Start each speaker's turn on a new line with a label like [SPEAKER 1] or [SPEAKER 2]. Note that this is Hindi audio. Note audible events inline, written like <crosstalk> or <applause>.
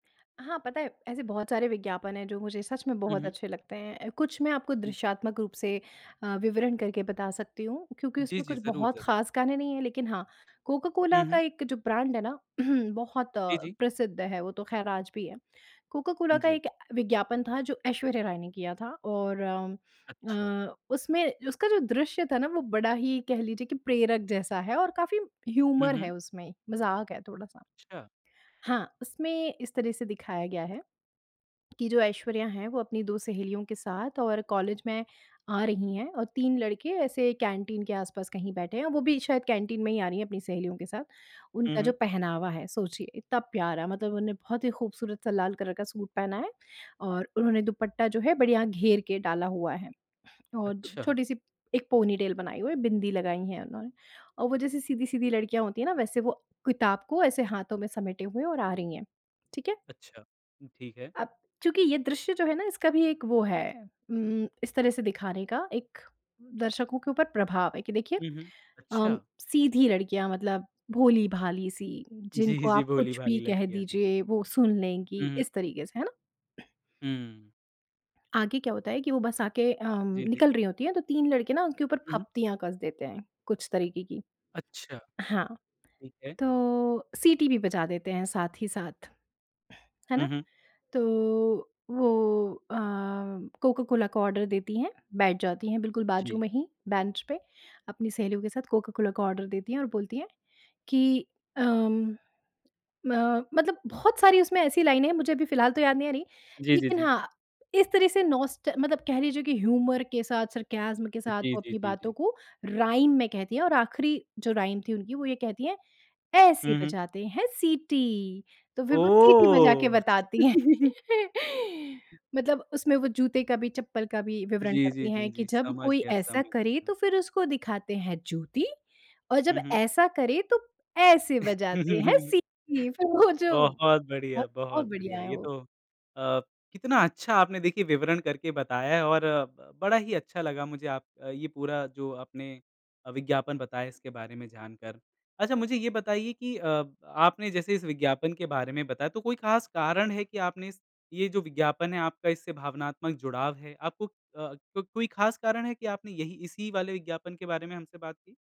[SPEAKER 1] हाँ पता है, ऐसे बहुत सारे विज्ञापन हैं जो मुझे सच में
[SPEAKER 2] हुँ,
[SPEAKER 1] बहुत
[SPEAKER 2] हुँ।
[SPEAKER 1] अच्छे लगते हैं। कुछ मैं आपको दृश्यात्मक रूप से अ, विवरण करके बता सकती हूँ। क्योंकि
[SPEAKER 2] जी,
[SPEAKER 1] उसमें
[SPEAKER 2] जी
[SPEAKER 1] कुछ
[SPEAKER 2] ज़रूर,
[SPEAKER 1] बहुत
[SPEAKER 2] ज़रूर।
[SPEAKER 1] खास गाने नहीं है लेकिन हाँ कोका-कोला
[SPEAKER 2] हुँ,
[SPEAKER 1] का
[SPEAKER 2] हुँ।
[SPEAKER 1] एक जो ब्रांड है ना <clears throat> बहुत अ,
[SPEAKER 2] जी, जी।
[SPEAKER 1] प्रसिद्ध है। वो तो खैर आज भी है। कोका-कोला का
[SPEAKER 2] जी।
[SPEAKER 1] एक विज्ञापन था जो ऐश्वर्या राय ने किया था। और अम,
[SPEAKER 2] अच्छा।
[SPEAKER 1] म्म उसमें उसका जो दृश्य था ना वो बड़ा ही कह लीजिए कि प्रेरक जैसा है और काफ़ी
[SPEAKER 2] हुँ,
[SPEAKER 1] ह्यूमर है
[SPEAKER 2] हुँ।
[SPEAKER 1] उसमें, मज़ाक है थोड़ा-सा।
[SPEAKER 2] अच्छा।
[SPEAKER 1] हाँ, उसमें इस तरह से दिखाया गया है कि जो ऐश्वर्या हैं वो अपनी 2 सहेलियों के साथ और कॉलेज में आ रही हैं और 3 लड़के ऐसे कैंटीन के आस-पास कहीं बैठे हैं, वो भी शायद कैंटीन में ही आ रही हैं अपनी सहेलियों के साथ।
[SPEAKER 2] हुँ,
[SPEAKER 1] उनका जो
[SPEAKER 2] हुँ।
[SPEAKER 1] पहनावा है सोचिए इतना प्यारा मतलब उन्होंने बहुत ही खूबसूरत सा लाल कलर का सूट पहना है और उन्होंने दुपट्टा जो है बढ़िया घेर के डाला हुआ है। और
[SPEAKER 2] अच्छा।
[SPEAKER 1] छोटी-सी एक पोनीटेल बनाई हुई है बिंदी लगाई है उन्होंने। और वो जैसे सीधी-सीधी लड़कियाँ होती है ना वैसे वो किताब को ऐसे हाथों में समेटे हुए हैं और आ रही है, ठीक है।
[SPEAKER 2] अच्छा। ठीक है।
[SPEAKER 1] अब चूँकि ये दृश्य जो है ना इसका भी एक वो है उम, इस तरह से दिखाने का एक दर्शकों के ऊपर प्रभाव है, कि देखिए
[SPEAKER 2] हुँ, हुँ।
[SPEAKER 1] अम,
[SPEAKER 2] अच्छा।
[SPEAKER 1] सीधी लड़कियाँ मतलब भोली-भाली सी
[SPEAKER 2] जी,
[SPEAKER 1] जिनको
[SPEAKER 2] जी
[SPEAKER 1] आप कुछ
[SPEAKER 2] भोली-भाली
[SPEAKER 1] भी कह
[SPEAKER 2] लड़कियाँ हैं।
[SPEAKER 1] दीजिए वो सुन
[SPEAKER 2] हुँ,
[SPEAKER 1] लेंगी
[SPEAKER 2] हुँ।
[SPEAKER 1] इस तरीके से, है ना।
[SPEAKER 2] हुँ।
[SPEAKER 1] आगे क्या होता है कि वो बस आके अम,
[SPEAKER 2] जी, जी।
[SPEAKER 1] निकल रही होती हैं तो 3 लड़के ना उनके ऊपर
[SPEAKER 2] हुँ, हुँ।
[SPEAKER 1] फब्तियाँ कस देते हैं, कुछ तरीके की।
[SPEAKER 2] अच्छा।
[SPEAKER 1] हाँ।
[SPEAKER 2] ठीक है।
[SPEAKER 1] तो सीटी भी बजा देते हैं साथ ही साथ, है ना।
[SPEAKER 2] हुँ, हुँ।
[SPEAKER 1] तो वो अ, कोका-कोला का ऑर्डर देती हैं, बैठ जाती हैं बिल्कुल बाजू
[SPEAKER 2] जी।
[SPEAKER 1] में ही बेंच पे। अपनी सहेलियों के साथ कोका-कोला का ऑर्डर देती हैं और बोलती है कि अम, म मतलब बहुत सारी उसमें ऐसी लाइनें हैं मुझे अभी फिलहाल तो याद नहीं आ रही,
[SPEAKER 2] जी, जी,
[SPEAKER 1] लेकिन
[SPEAKER 2] जी।
[SPEAKER 1] हाँ, इस तरह से नॉस्ट मतलब कह लीजिए कि ह्यूमर के साथ सरकैज़म के साथ
[SPEAKER 2] जी,
[SPEAKER 1] वो
[SPEAKER 2] जी,
[SPEAKER 1] अपनी
[SPEAKER 2] जी,
[SPEAKER 1] बातों
[SPEAKER 2] जी।
[SPEAKER 1] को राइम में कहती है और आखिरी जो राइम थी उनकी वो ये कहती हैं ऐसे
[SPEAKER 2] हुँ, हुँ।
[SPEAKER 1] बजाते हैं सिटी। तो फिर वो सीटी बजा के
[SPEAKER 2] ओह!
[SPEAKER 1] बताती है।
[SPEAKER 2] <laughs>
[SPEAKER 1] <laughs> मतलब उसमें वो जूते का भी, चप्पल का भी, विवरण
[SPEAKER 2] जी, जी,
[SPEAKER 1] करती है
[SPEAKER 2] जी,
[SPEAKER 1] कि
[SPEAKER 2] जी।
[SPEAKER 1] जब
[SPEAKER 2] समझ
[SPEAKER 1] कोई
[SPEAKER 2] गया,
[SPEAKER 1] ऐसा
[SPEAKER 2] समझ गया।
[SPEAKER 1] करे
[SPEAKER 2] हुँ।
[SPEAKER 1] तो फिर उसको दिखाते हैं जूती और जब
[SPEAKER 2] हुँ, हुँ।
[SPEAKER 1] ऐसा करे तो ऐसे बजाते हैं
[SPEAKER 2] <laughs>
[SPEAKER 1] सीटी। फिर वो जो बहुत
[SPEAKER 2] बहुत बढ़िया,
[SPEAKER 1] बहुत
[SPEAKER 2] बहुत
[SPEAKER 1] बढ़िया
[SPEAKER 2] बढ़िया।
[SPEAKER 1] है
[SPEAKER 2] ये
[SPEAKER 1] वो।
[SPEAKER 2] तो अ, कितना अच्छा आपने देखिए विवरण करके बताया और ब बड़ा ही अच्छा लगा मुझे आप ये पूरा जो आपने अ, विज्ञापन बताया इसके बारे में जान कर। अच्छा मुझे ये बताइए कि अ, आपने जैसे इस विज्ञापन के बारे में बताया तो कोई खास कारण है कि आपने इस ये जो विज्ञापन है आपका इससे भावनात्मक जुड़ाव है? आपको अ, क कोई खास कारण है कि आपने यही इसी वाले विज्ञापन के बारे में हमसे बात की?